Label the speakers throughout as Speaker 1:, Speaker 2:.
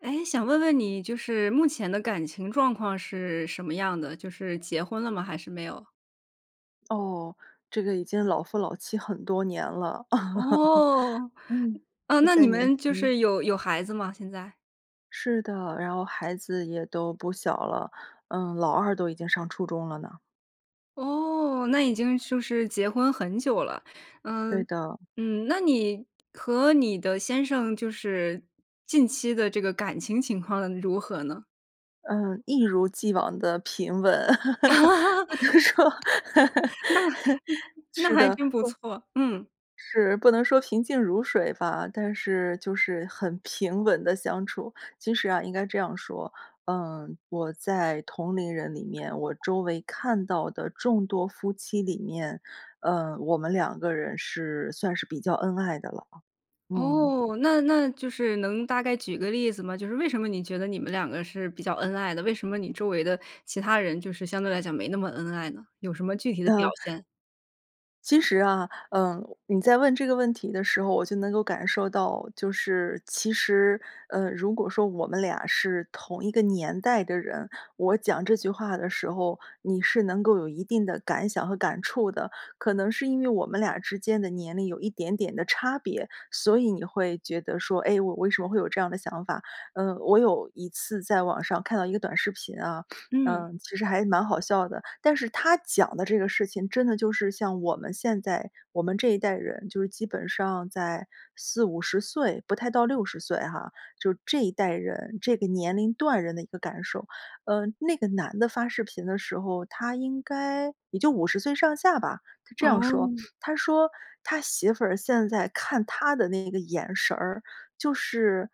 Speaker 1: 哎，想问问你，就是目前的感情状况是什么样的，就是结婚了吗？还是没有？
Speaker 2: 哦，这个已经老夫老妻很多年了，
Speaker 1: 哦，
Speaker 2: 嗯，
Speaker 1: 呃，
Speaker 2: 不
Speaker 1: 那
Speaker 2: 再
Speaker 1: 你
Speaker 2: 年
Speaker 1: 们就
Speaker 2: 轻了。
Speaker 1: 是有有孩子吗，现在？
Speaker 2: 是的，然后孩子也都不小了，嗯，老二都已经上初中了呢。
Speaker 1: 哦，那已经就是结婚很久了，
Speaker 2: 对
Speaker 1: 嗯，
Speaker 2: 的。
Speaker 1: 嗯，那你和你的先生，就是，近期的这个感情情况如何呢？
Speaker 2: 嗯，一如既往的平稳，
Speaker 1: 啊。
Speaker 2: 只能说。
Speaker 1: 那 那
Speaker 2: 是
Speaker 1: 还
Speaker 2: 的。
Speaker 1: 真不错，嗯。
Speaker 2: 是，不能说平静如水吧，但是就是很平稳地相处。其实啊，应该这样说，嗯，我在同龄人里面，我周围看到的众多夫妻里面，呃，我们两个人是算是比较恩爱的了，嗯。
Speaker 1: 哦，那那就是能大概举个例子吗？就是为什么你觉得，你们两个是比较恩爱的？为什么你周围的其他人，就是相对来讲没那么恩爱呢？有什么具体的表
Speaker 2: 呃。
Speaker 1: 现？
Speaker 2: 其实啊，嗯，你在问这个问题的时候，我就能够感受到，就是其实，呃，如果说我们俩是同一个年代的人，我讲这句话的时候，你是能够有一定的感想和感触的，可能是因为我们俩之间的年龄有一点点的差别，所以你会觉得说：“哎，我为什么会有这样的想法？”嗯，我有一次在网上看到一个短视频啊，
Speaker 1: 嗯。
Speaker 2: 嗯，其实还蛮好笑的，但是它讲的这个事情真的就是像我们现在我们这一代人，就是基本上在40，50岁，不太到60岁哈，就是这一代人，这个年龄段人的一个感受。呃，那个男的发视频的时候，他应该也就50岁上下吧，他这样说，
Speaker 1: 哦。
Speaker 2: 他说，他媳妇儿现在看他的那个眼神儿，就是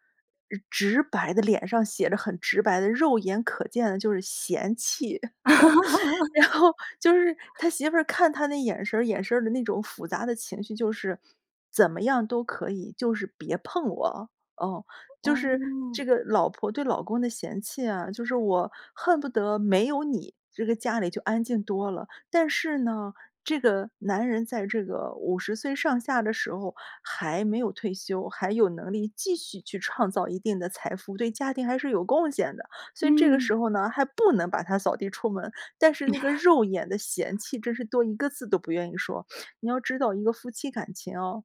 Speaker 2: 直白的脸上写着很直白的肉眼可见的，就是，嫌弃。然后就是他 媳妇儿看他那眼神儿，眼神儿里的那种复杂的情绪，就是：“怎么样都可以，就是别碰我。”哦，就是
Speaker 1: 哦。
Speaker 2: 这个老婆对老公的嫌弃啊，就是我恨不得没有你，这个家里就安静多了。但是呢，这个男人在这个50岁上下的时候还没有退休，还有能力继续去创造一定的财富，对家庭还是有贡献的。所以这个
Speaker 1: 嗯。
Speaker 2: 时候呢，还不能把他扫地出门，但是那个 肉眼的嫌弃，真是多一个字都不愿意说。你要知道一个夫妻感情哦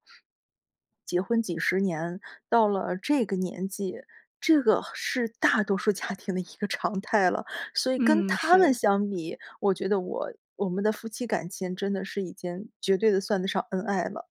Speaker 2: 结婚几十年，到了这个年纪，这个是大多数家庭的一个常态了。所以跟
Speaker 1: 嗯，
Speaker 2: 他们
Speaker 1: 是。
Speaker 2: 相比，我觉得我我们的夫妻感情，真的是已经绝对的算得上恩爱了。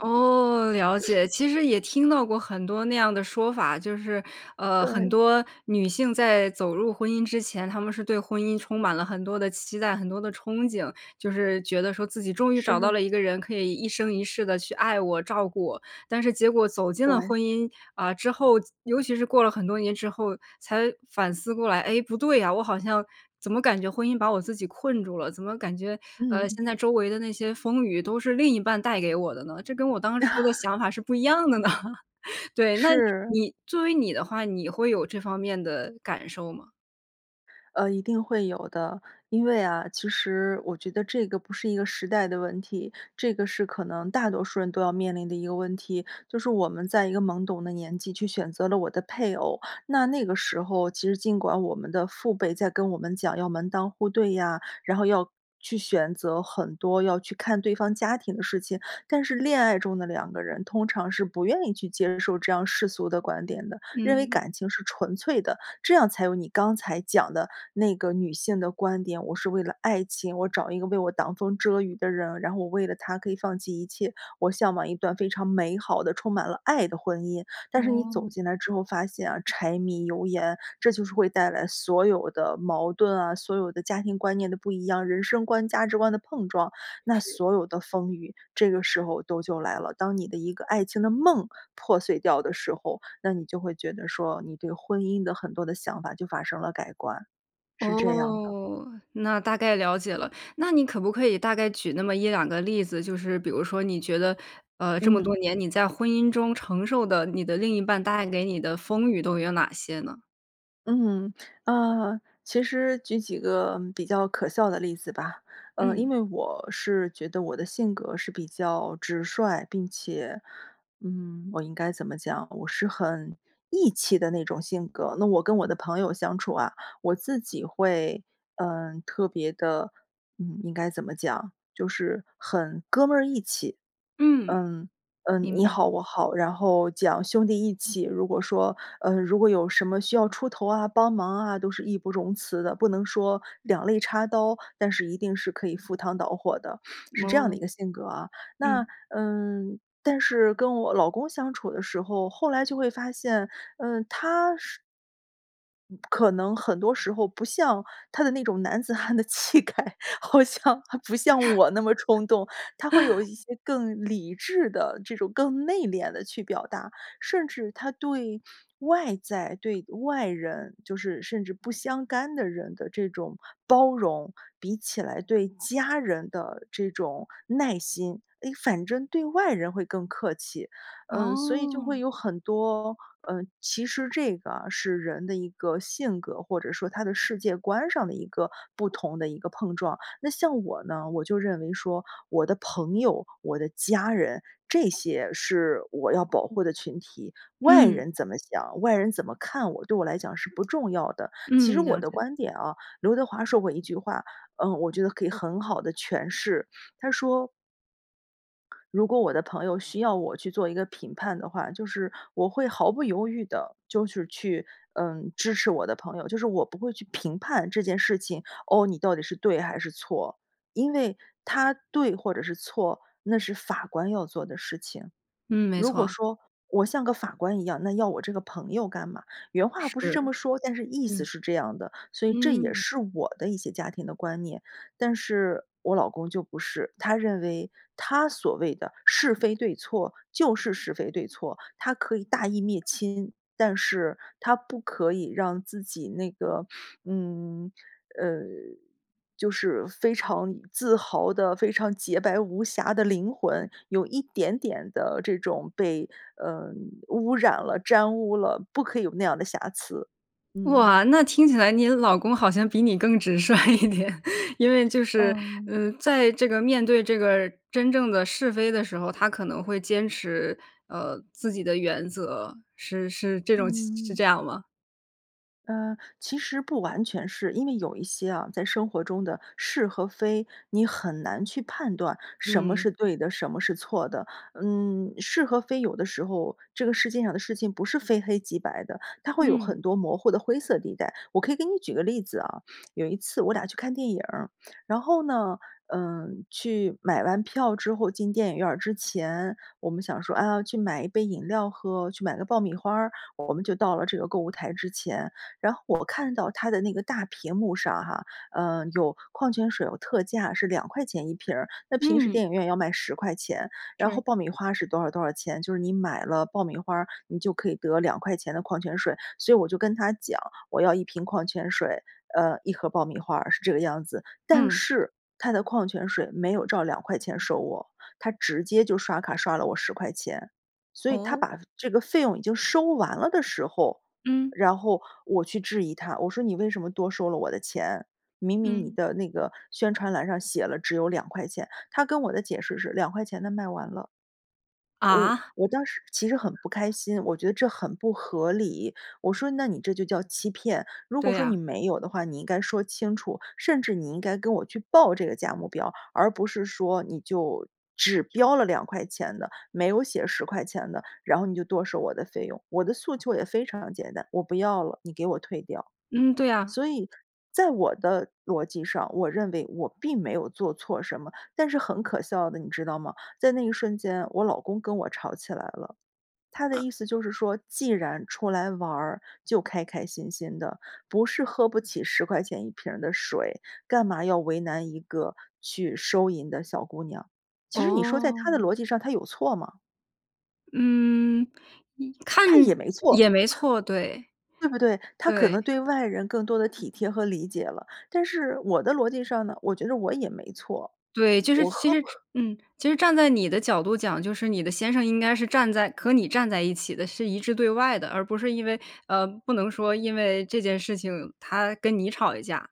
Speaker 1: 哦，了 解。其实也听到过很多那样的说法，就是，呃，很
Speaker 2: 对。
Speaker 1: 多女性在走入婚姻之前，她们是对婚姻充满了很多的期待，很多的憧憬，就是觉得，说：“自己终于找到
Speaker 2: 是。
Speaker 1: 了一个人，可以一生一世地去爱我，照顾我。”但是结果走进了
Speaker 2: 对。
Speaker 1: 婚姻，啊，之后，尤其是过了很多年之后，才反思过来：”哎，不对呀，我好像怎么感觉婚姻把我自己困住了，怎么感觉，呃，
Speaker 2: 嗯。
Speaker 1: 现在周围的那些风雨都是另一半带给我的呢？这跟我当初的 想法是不一样的呢？“对，那
Speaker 2: 是。
Speaker 1: 你作为你的话，你会有这方面的感受吗？
Speaker 2: 呃，一定会有的，因为啊，其实我觉得这个不是一个时代的问题，这个是可能大多数人，都要面临的一个问题。就是我们在一个懵懂的年纪，去选择了我的配偶，那那个时候，其实尽管我们的父辈在跟我们讲要门当户对呀，然后要去选择很多，要去看对方家庭的事情。但是恋爱中的两个人，通常是不愿意去接受这样世俗的观点的，认为
Speaker 1: 嗯。
Speaker 2: 感情是纯粹的，这样才有你刚才讲的那个女性的观点，我是为了爱情，我找一个为我挡风遮雨的人，然后我为了他可以放弃一切，我向往一段非常美好的充满了爱的婚姻。但是你走
Speaker 1: 哦。
Speaker 2: 进来之后发现啊，柴米油盐，这就是会带来所有的矛盾啊，所有的家庭观念的不一样，人生观、价值观的碰撞，那
Speaker 1: 是。
Speaker 2: 所有的风雨，这个时候都就来了，当你的一个爱情的梦破碎掉的时候，那你就会觉得说，你对婚姻的很多的想法就发生了改观。是这样的。
Speaker 1: 哦，那大概了解了，那你可不可以大概举那么1-2个例子，就是比如说你觉得，呃，这么多
Speaker 2: 嗯。
Speaker 1: 年你在婚姻中承受的，你的另一半带给你的风雨都有哪些呢？
Speaker 2: 嗯，呃，其实举几个比较可笑的例子吧。呃，因
Speaker 1: 嗯。
Speaker 2: 为我是觉得我的性格是比较直率，并且，嗯，我应该怎么讲，我是很义气的那种性格，那我跟我的朋友相处啊，我自己会，呃，特别的，嗯，应该怎么讲，就是很哥儿们义气。
Speaker 1: 嗯，
Speaker 2: 嗯，嗯，
Speaker 1: 明
Speaker 2: 你
Speaker 1: 白。
Speaker 2: 好我好，然后讲兄弟义气，如果说，呃，如果有什么需要出头啊，帮忙啊，都是义不容辞的，不能说两肋插刀，但是一定是可以赴汤蹈火的，是这样的一
Speaker 1: 哦。
Speaker 2: 个性格啊。那，
Speaker 1: 嗯。
Speaker 2: 嗯，但是跟我老公相处的时候，后来就会发现，嗯，他是可能很多时候不像他的那种男子汉的气概，好像还不像我那么冲动，他会有 一些更理智的，这种更内敛地去表达，甚至他对外在对外人，就是甚至不相干的人的这种包容，比起来对家人的这种耐心，哎，反正对外人会更客气。嗯，所以，就会
Speaker 1: 哦。
Speaker 2: 有很多，呃，其实这个是人的一个性格，或者说他的世界观上的一个不同的一个碰撞。那像我呢，我就认为说我的朋友，我的家人，这些是我要保护的群体，外
Speaker 1: 嗯。
Speaker 2: 人怎么想，外人怎么看我，对我来讲是不重要的，其实
Speaker 1: 嗯，
Speaker 2: 我
Speaker 1: 了
Speaker 2: 的
Speaker 1: 解。
Speaker 2: 观点啊，刘德华说过一句话，嗯，我觉得可以很好地诠释，他说如果我的朋友需要我去做一个评判的话，就是我会毫不犹豫地就是去，嗯，支持我的朋友，就是我不会去评判这件事情，哦，你到底是对还是错。因为它对或者是错，那是法官要做的事情。
Speaker 1: 嗯，没
Speaker 2: 如果
Speaker 1: 错。
Speaker 2: 说我像个法官一样，那要我这个朋友干嘛，原话不是这
Speaker 1: 是，
Speaker 2: 么说，但是意思
Speaker 1: 嗯。
Speaker 2: 是这样的，所以这也
Speaker 1: 嗯。
Speaker 2: 是我的一些家庭的观念。但是我老公就不是，他认为他所谓的是非对错，就是是非对错，他可以大义灭亲，但是他不可以让自己那个，嗯，呃，就是非常自豪的，非常洁白无瑕的灵魂，有一点点的这种被，呃，污染了、沾污了，不可以有那样的瑕疵，嗯。
Speaker 1: 哇，那听起来你老公好像比你更直率一点，因为就是，
Speaker 2: 呃。
Speaker 1: 呃，在这个面对这个真正的是非的时候，他可能会坚持，呃，自己的原则，是是这种是
Speaker 2: 嗯。
Speaker 1: 这样吗？
Speaker 2: 嗯，其实不完全是。因为有一些啊，在生活中的是和非，你很难去判断什么是
Speaker 1: 嗯。
Speaker 2: 对的，什么是错的。嗯，是和非有的时候，这个世界上的事情不是非黑即白的，它会有
Speaker 1: 嗯。
Speaker 2: 很多模糊的灰色地带。我可以给你举个例子啊，有一次我俩去看电影儿，然后呢，嗯，去买完票之后，进电影院儿之前，我们想说，啊，去买一杯饮料喝，去买个爆米花儿，我们就到了这个购物台之前。然后我看到它的那个大屏幕上哈，呃，有矿泉水，有特价是2块钱一瓶儿，那平时
Speaker 1: 嗯。
Speaker 2: 电影院要卖10块钱，然
Speaker 1: 是。
Speaker 2: 后爆米花儿是多少多少钱，就是你买了爆米花儿，你就可以得2块钱的矿泉水。所以我就跟他讲，我要1瓶矿泉水，呃，1盒爆米花儿，是这个样子。但
Speaker 1: 嗯。
Speaker 2: 是他的矿泉水没有照2块钱收我，他直接就刷卡刷了我10块钱。所以他
Speaker 1: 哦？
Speaker 2: 把这个费用已经收完了的时候，
Speaker 1: 嗯。
Speaker 2: 然后我去质疑他，我说：“你为什么多收了我的钱？明明你
Speaker 1: 嗯。
Speaker 2: 的那个宣传栏上写了只有2块钱。”他跟我的解释是2块钱的卖完了。我
Speaker 1: 啊？
Speaker 2: 我当时其实很不开心，我觉得这很不合理，我说：“那你这就叫欺骗，如
Speaker 1: 对
Speaker 2: 果说
Speaker 1: 呀。
Speaker 2: 你没有的话，你应该说清楚，甚至你应该跟我去报这个价目表，而不是说你就只标了2块钱的，没有写10块钱的，然后你就多收我的费用，我的诉求也非常简单，我不要了，你给我退掉。”
Speaker 1: 嗯，对呀。
Speaker 2: 所以，在我的逻辑上，我认为我并没有做错什么，但是很可笑的，你知道吗？在那一瞬间，我老公跟我吵起来了，他的
Speaker 1: 啊。
Speaker 2: 意思就是说，既然出来玩儿，就开开心心的，不是喝不起10块钱1瓶儿的水，干嘛要为难一个去收银的小姑娘。其实你说在他的
Speaker 1: 哦。
Speaker 2: 逻辑上，他有错吗？
Speaker 1: 嗯，也看
Speaker 2: 他也没错。
Speaker 1: 也没错，对，
Speaker 2: 对不对？他可能
Speaker 1: 对。
Speaker 2: 对外人更多的体贴和理解了。但是我的逻辑上呢，我觉着我也没错，
Speaker 1: 对，就是
Speaker 2: 我
Speaker 1: 其
Speaker 2: 喝
Speaker 1: 实
Speaker 2: 不喝
Speaker 1: 嗯，其实站在你的角度讲，就是你的先生应该是站在和你站在一起的，是一致对外的，而不是因为，呃，不能说因为这件事情他跟你吵一架。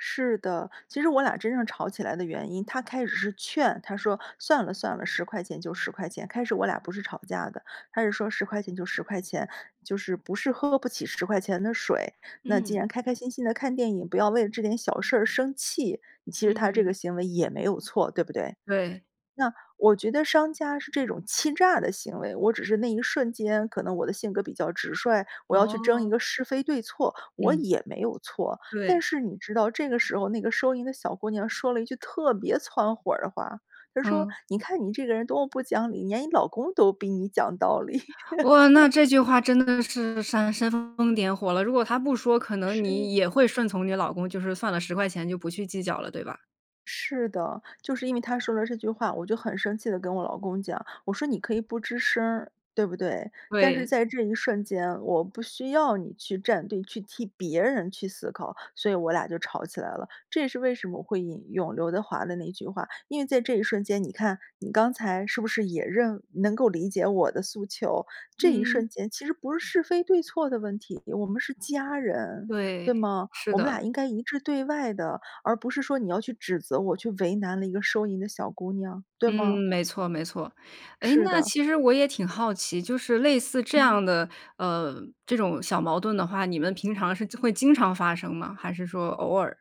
Speaker 2: 是的，其实我俩真正吵起来的原因，他开始是劝，他说：“算了，算了，10块钱就10块钱。”开始我俩不是吵架的，他是说：“10块钱就10块钱，就是，不是喝不起10块钱的水，那既然
Speaker 1: 嗯。
Speaker 2: 开开心心地看电影，不要为了这点小事儿而生气。”其实他这个
Speaker 1: 嗯。
Speaker 2: 行为也没有错，对不对？
Speaker 1: 对。
Speaker 2: 那我觉得商家是这种欺诈的行为，我只是那一瞬间，可能我的性格比较直率，我要去争一
Speaker 1: 哦。
Speaker 2: 个是非对错，我
Speaker 1: 嗯。
Speaker 2: 也没有错。但
Speaker 1: 对。
Speaker 2: 是你知道，这个时候那个收银的小姑娘说了一句特别蹿火儿的话，她说：
Speaker 1: 嗯。
Speaker 2: “你看你这个人多么不讲理，连你老公都比你讲道理。“
Speaker 1: 哇，那 这句话真的是煽煽风点火了，如果她不说，可能
Speaker 2: 是。
Speaker 1: 你也会顺从你老公，就是算了，10块钱就不去计较了，对吧？
Speaker 2: 是的，就是因为他说了这句话，我就很生气地跟我老公讲，我说你可以不吱声儿，对不对？但是
Speaker 1: 对。
Speaker 2: 在这一瞬间，我不需要你去站队，去替别人去思考。所以我俩就吵起来了，这也是为什么会引用刘德华的那句话，因为在这一瞬间，你看你刚才是不是也认能够理解我的诉求，这一
Speaker 1: 嗯。
Speaker 2: 瞬间其实不是是非对错的问题，我们是家人，
Speaker 1: 对，
Speaker 2: 对吗？
Speaker 1: 是
Speaker 2: 我们
Speaker 1: 的。
Speaker 2: 俩应该一致对外的，而不是说你要去指责我去为难了一个收银的小姑娘，对
Speaker 1: 嗯，
Speaker 2: 吗？
Speaker 1: 没错，没错。哎，
Speaker 2: 是
Speaker 1: 那
Speaker 2: 的。
Speaker 1: 其实我也挺好奇，就是类似这
Speaker 2: 嗯。
Speaker 1: 样的，呃，这种小矛盾的话，你们平常是会经常发生吗？还是说偶尔。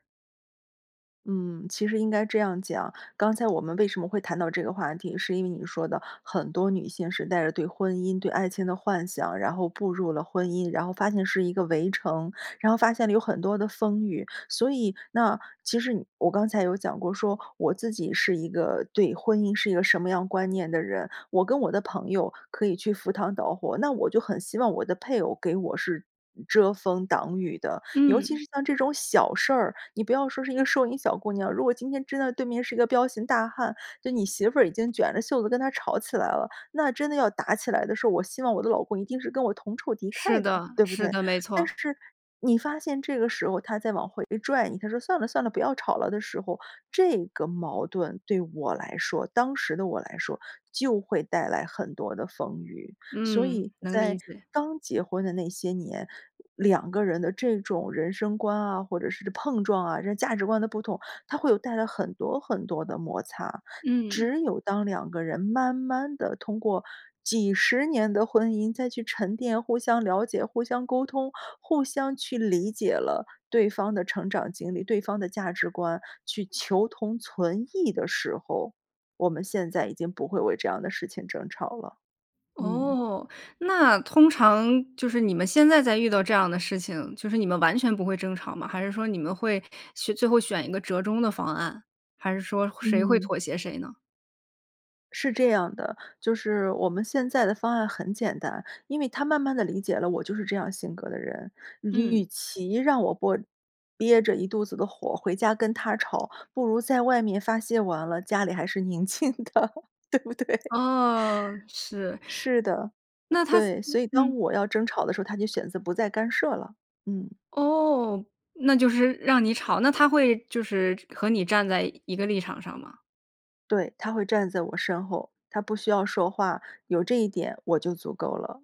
Speaker 2: 嗯，其实应该这样讲，刚才我们为什么会谈到这个话题，是因为你说的很多女性是带着对婚姻、对爱情的幻想，然后步入了婚姻，然后发现是一个围城，然后发现了有很多的风雨，所以那其实我刚才有讲过说，我自己是一个对婚姻是一个什么样观念的人，我跟我的朋友可以去赴汤蹈火，那我就很希望我的配偶给我是遮风挡雨的。尤其
Speaker 1: 嗯。
Speaker 2: 是像这种小事儿，你不要说是一个收银小姑娘，如果今天真的对面是一个彪形大汉，对你媳妇儿已经卷着袖子跟他吵起来了，那真的要打起来的时候，我希望我的老公一定是跟我同仇敌
Speaker 1: 是
Speaker 2: 忾的，
Speaker 1: 的，
Speaker 2: 对不
Speaker 1: 是
Speaker 2: 对？
Speaker 1: 的，没
Speaker 2: 但
Speaker 1: 错。
Speaker 2: 是你发现这个时候他在往回拽你，他说：“算了，算了，不要吵了”的时候，这个矛盾对我来说，当时的我来说，就会带来很多的风雨。所
Speaker 1: 嗯，
Speaker 2: 以
Speaker 1: 能理
Speaker 2: 在
Speaker 1: 解。
Speaker 2: 刚结婚的那些年，两个人的这种人生观啊，或者是碰撞啊，这价值观的不同，它会有带来很多很多的摩擦，
Speaker 1: 嗯。
Speaker 2: 只有当两个人慢慢地通过几十年的婚姻再去沉淀，互相了解、互相沟通、互相去理解了对方的成长经历，对方的价值观，去求同存异的时候，我们现在已经不会为这样的事情争吵了，嗯。
Speaker 1: 哦，那通常就是你们现在再遇到这样的事情，就是你们完全不会争吵吗？还是说你们会去最后选一个折中的方案，还是说谁会
Speaker 2: 嗯。
Speaker 1: 妥协谁呢？
Speaker 2: 是这样的，就是我们现在的方案很简单，因为他慢慢地理解了我就是这样性格的人，与
Speaker 1: 嗯。
Speaker 2: 其让我不憋着一肚子的火，回家跟他吵，不如在外面发泄完了，家里还是宁静的，对不对？
Speaker 1: 哦，是。
Speaker 2: 是的，
Speaker 1: 那他
Speaker 2: 对，所以当
Speaker 1: 嗯。
Speaker 2: 我要争吵的时候，他就选择不再干涉了，嗯。
Speaker 1: 哦，那就是让你吵，那他会就是和你站在一个立场上吗？
Speaker 2: 对，他会站在我身后，他不需要说话，有这一点我就足够了。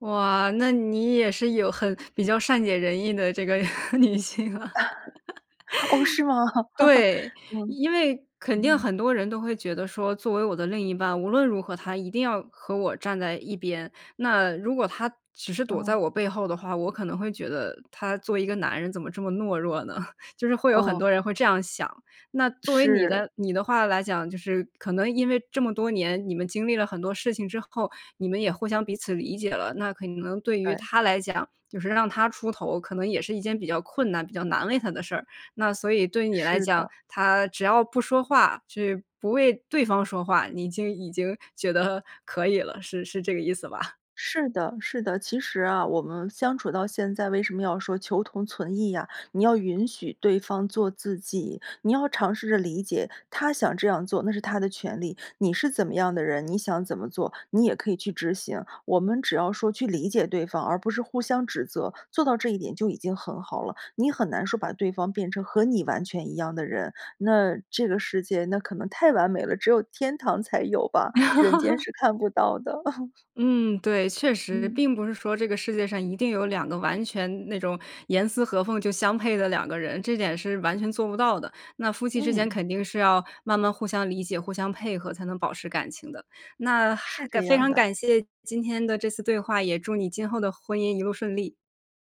Speaker 1: 哇，那你也是有，很比较善解人意的这个女性啊。
Speaker 2: 哦，是吗？
Speaker 1: 对，
Speaker 2: 嗯，
Speaker 1: 因为肯定
Speaker 2: 嗯。
Speaker 1: 很多人都会觉得说：“作为我的另一半，无论如何他一定要和我站在一边，那如果他只是躲在
Speaker 2: 哦。
Speaker 1: 我背后的话，我可能会觉得他作为一个男人怎么这么懦弱呢”，就是会有很
Speaker 2: 哦。
Speaker 1: 多人会这样想。那作为你
Speaker 2: 是。
Speaker 1: 的你的话来讲，就是可能因为这么多年，你们经历了很多事情之后，你们也互相彼此理解了，那可能对于
Speaker 2: 对。
Speaker 1: 他来讲，就是让他出头，可能也是一件比较困难、比较难为他的事儿，那所以对你来
Speaker 2: 是
Speaker 1: 讲，
Speaker 2: 的。
Speaker 1: 他只要不说话就不为对方说话，你就已经觉得可以了，是是这个意思吧？
Speaker 2: 是的，是的，其实啊，我们相处到现在为什么要说求同存异呀，你要允许对方做自己，你要尝试着理解他想这样做，那是他的权利，你是怎么样的人，你想怎么做，你也可以去执行，我们只要说去理解对方，而不是互相指责，做到这一点就已经很好了。你很难说把对方变成和你完全一样的人，那这个世界那可能太完美了，只有天堂才有吧，人间 是看不到的。
Speaker 1: 嗯，对，确实，
Speaker 2: 嗯。
Speaker 1: 并不是说这个世界上一定有两个完全那种严丝合缝就相配的两个人，这点是完全做不到的，那夫妻之间
Speaker 2: 嗯。
Speaker 1: 肯定是要慢慢互相理解、互相配合才能保持感情的，那
Speaker 2: 是
Speaker 1: 还
Speaker 2: 这
Speaker 1: 非
Speaker 2: 样
Speaker 1: 常
Speaker 2: 的。
Speaker 1: 感谢今天的这次对话，也祝你今后的婚姻一路顺利。